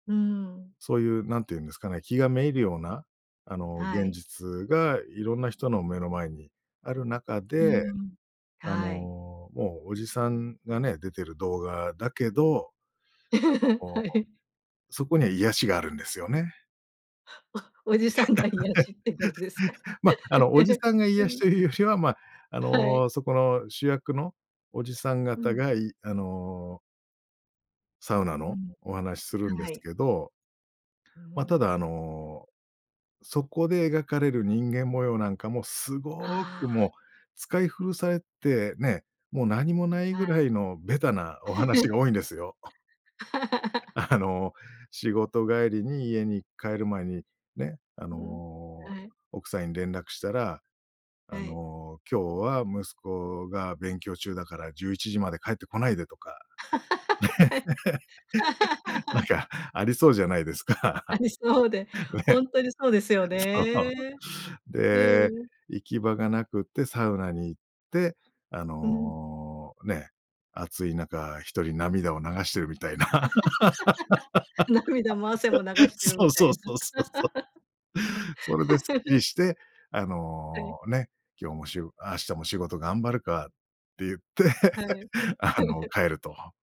うーん。そういう何て言うんですかね、気が滅入るような、あの、は現い。実がいろんな人の目の前にある中うーで、ん。あの、はい。もうおじさんがね、出てる動画だけど、なんか はこい。う、そこには癒しがあるんですよね。おおじさんが癒しってことですか？ま、あの、おじ さんがう癒しん。というよりは、ま、あはい。の、そこの主役のおじさんう方ん。がいあのサウナうのん。お話するんではすい。けどう、ふーま、ただ、あん。の、そこで描かれる人間模様なんかも、すごあくもうあ。使い古されてね、もう何もないはぐらい。いのベタなお話が 多いんですよ。あの、仕事帰りに家に帰る前に、ね、あうん。の、はい。奥さんに連絡したら、あはい。の、今日は息子が勉強中だから、11時まで帰ってこないでとか。はい。なん か、ありそうじゃないですあか。りそうで、ほね。んとにそうですよそね。う。うで、ーん。行き場がなくてサウナに行って、あうん。の、ね、暑い中一人涙を流してる、みたいな。涙も汗も流 してる、そみうたいそうな。そうそうそう。それですっきり して、あはの、い。ね、今日も、しう明日も仕事頑張るかって言って。はい。あの、帰ると